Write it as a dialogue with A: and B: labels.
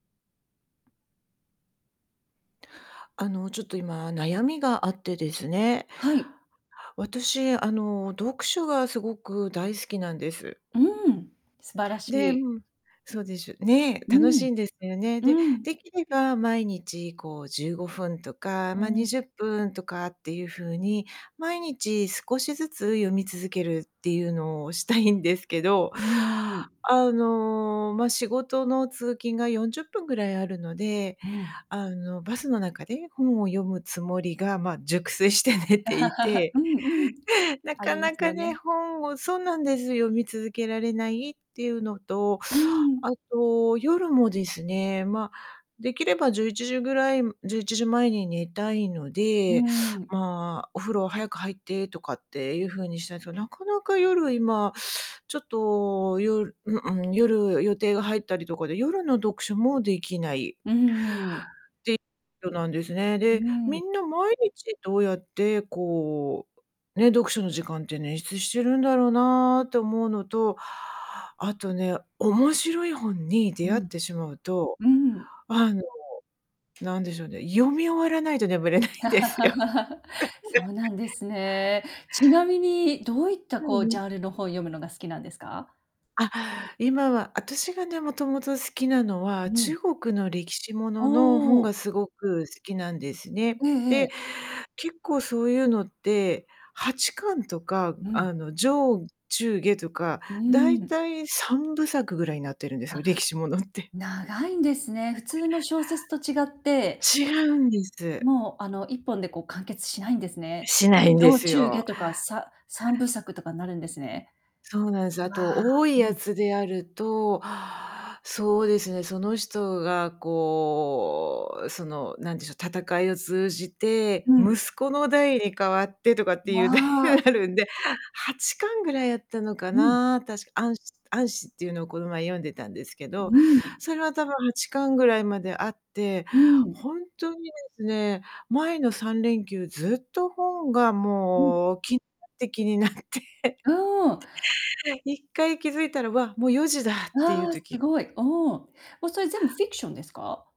A: あのちょっと今悩みがあってですね、
B: はい。
A: 私あの、読書がすごく大好きなんです。
B: うん、素晴らし
A: で、う
B: い。
A: ん、そうでしゅね、
B: う
A: 楽し
B: ん、
A: いんですよね。で、
B: うん。
A: できれば毎日こう15分とか、
B: う
A: ま、に
B: ん。
A: じゅっぷんとかっていう風に毎日少しずつ読み続けるっていうのをしたいんですけど、
B: うーん。
A: あのま、仕事の通勤が40分ぐらいあるので、
B: うん。
A: あのバスの中で本を読むつもりがまあ、熟睡して寝てい
B: う
A: て、
B: んうん。
A: な
B: あ
A: か
B: りま
A: な
B: すよ
A: かね、
B: ね。
A: 本をそうなんです、読み続けられないっていうのと、
B: う
A: あ
B: ん。
A: と、夜もですね、ま、できれば11時ぐらい11時前に寝たいの
B: う
A: で、
B: ん。
A: まあお風呂は早く入ってとかっていう風にしたんすけど、なかなか夜今、ちょっと夜ううん、夜予定が入ったりとかで、夜の読書もできない。
B: うん。
A: できょなんですね。
B: う
A: で、み
B: ん。
A: んな毎日どうやってこう、ね、読書の時間って捻出してるんだろうなって思うのと、あとね、面白い本に
B: う
A: 出会っ
B: ん。
A: てしまうと、
B: うん。
A: あのなんでしょうね、読み終わらないと眠れないんですよ。
B: そうな んですね。ちなみにどういった
A: うん
B: こう、
A: う
B: ジ
A: ん。
B: ャンルの本読むのが好きなんですか？
A: あ、今は、私がね、もともと好きなのは
B: うん。
A: 中国の歴史ものの本
B: お
A: が
B: お。
A: すごく好きなんですね。
B: えええ
A: で、
B: え。
A: 結構そういうのって8巻とか、
B: うん。
A: あの上中下とか
B: う
A: だい
B: ーん。
A: たい3部作ぐらいになってるんです
B: あ、
A: よ、歴史ものって。
B: 長いんですね。普通の小説と違って、
A: 違うんです。
B: もうあの1本でこう完結しないんですね。
A: しないんで
B: 上、
A: す
B: 中、下
A: よ。
B: とか、さ3部作とかになるんですね。
A: そうなんす。あ
B: わあ、
A: と多い
B: う
A: や
B: ん。
A: つであると、そうですね、その人がこう、その何でしょう、戦いを通じて、
B: うん。
A: 息子の代に変わってとかって
B: わ
A: いう
B: あ。
A: あるんで8巻ぐらいあったのか
B: うん。
A: な、確か、晏子晏子っていうのをこの前読んでたんですけ
B: う
A: ど、
B: ん。
A: それは多分8巻ぐらいまであって、
B: うん。
A: ほんとにですね、前の3連休ずっと本が
B: うん。
A: もう気て気になって。
B: うん。
A: で、一回気づいたら「わ、もう4時だ」っていう
B: わあ、す
A: 時
B: ごい。おお。もうそれ全部フィクションですか？